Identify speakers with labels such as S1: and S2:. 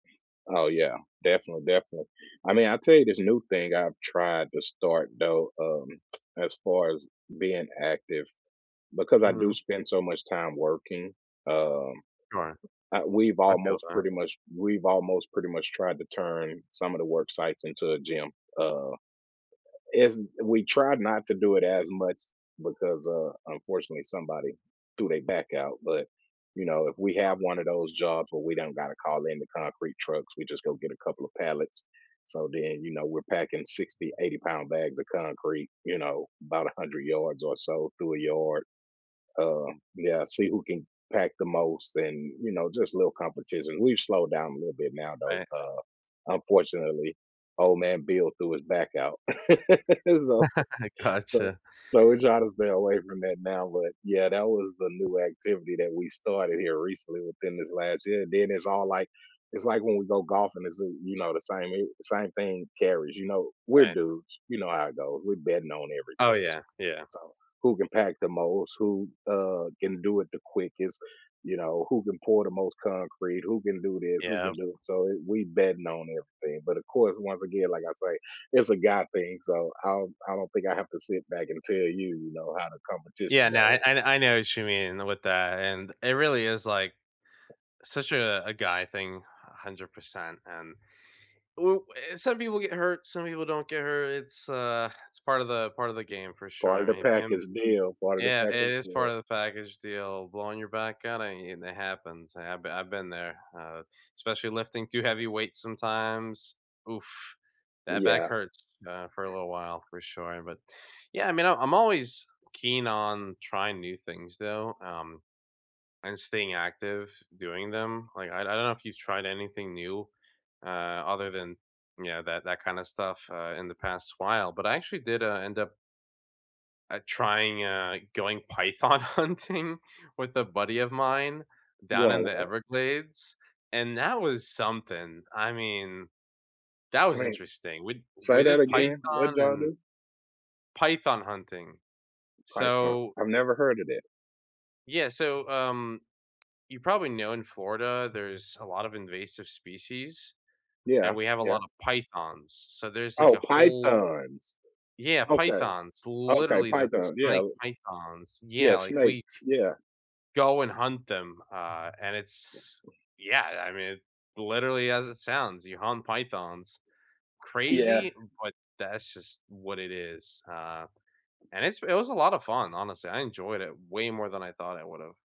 S1: Oh, yeah, defin definitely. I mean, I'll tell you this new thing I've tried to start, though, um, as far as being active, because I do
S2: Mhm.
S1: spend so much time working, um,
S2: Right.
S1: I we've
S2: I feel
S1: almost,
S2: that.
S1: pretty much we've almost pretty much tried to turn some of the work sites into a gym, uh, is we tried not to do it as much because, uh, unfortunately somebody threw they back out, but, you know, if we have
S2: [unintelligible]
S1: one of those jobs where we don't got to call in the concrete trucks, we just go get a couple of pallets, so, then, you know, we're packing 60, eighty-pound bags of concrete, you know, 'bout 100 yards or so through a yard. Uh, yeah. See who can pack the most and, you know, just little competition. We've slowed down a little bit now, though,
S2: Right.
S1: uh, unfortunately, old man Bill threw his back out. So so
S2: Gotcha.
S1: so we're tryna stay away from that now, but, yeah, that was a new activity that we started here recently, within this last year. Then it's all like it's like when we go golfing, it's, uh, you know, the same i same thing carries, you know, we're
S2: Right.
S1: dudes, you know how it goes, we're betting on
S2: Oh,
S1: everything.
S2: yeah. Yeah.
S1: So, who can pack the most, who, uh, can do it the quickest, you know, who can pour the most concrete, who can do this, who can
S2: Yep.
S1: do so, we betting on everything. But of course, once again, like I say, it's a guy thing, so I don't I don't think I have to sit back and tell you, you know, how the competition
S2: Yeah. No. I
S1: go.
S2: I know what you mean with that, and it really is, like, such a a guy thing, 100%. And u eh some people get hurt, some people don't get hurt, it's, uh, it's part of the part of the game, for sure.
S1: Part
S2: I
S1: of the
S2: mean, him
S1: package deal. Part of the
S2: Yeah. It
S1: package
S2: is part
S1: deal.
S2: of the package deal, blowing your back at it, and it happens. I have b I've been there, uh, especially lifting too heavy weights sometimes, oof, that back
S1: Yeah.
S2: hurts, uh, for a little while for sure. But, yeah, I mean, I'm always keen on trying new things though, um, and staying active doing them. Like, I d I don't know if you've tried anything new, uh, other than, you know, that that kind of stuff, uh, in the past while, but I actually did, uh, end up uh, trying, uh, going python hunting with a buddy of mine
S1: Go
S2: down in
S1: on
S2: the
S1: what?
S2: Everglades, and that was something. I mean, that
S1: I
S2: was
S1: mean,
S2: interesting. We d
S1: say
S2: we
S1: that
S2: did
S1: again. What did
S2: python
S1: y'all
S2: and
S1: do?
S2: Python hunting.
S1: Python.
S2: So
S1: I've never heard of that.
S2: Yeah, so, um, you probably know in Florida, there's a lot of invasive species, and
S1: Yeah.
S2: we have a lot
S1: Yeah.
S2: of pythons. So, there's like
S1: Oh,
S2: a whole
S1: pythons.
S2: Yeah,
S1: Okay.
S2: pythons.
S1: Okay.
S2: Literally, the
S1: Python, yeah.
S2: snake, pythons. Yeah,
S1: Yeah,
S2: like, we
S1: snakes. Yeah.
S2: go and hunt them, uh, and it's yeah, I mean, literally as it sounds, you hunt pythons.
S1: Yeah.
S2: Crazy, but that's just what it is. Uh, and it's it was a lot of fun, honestly. I enjoyed it way more than I thought I would've.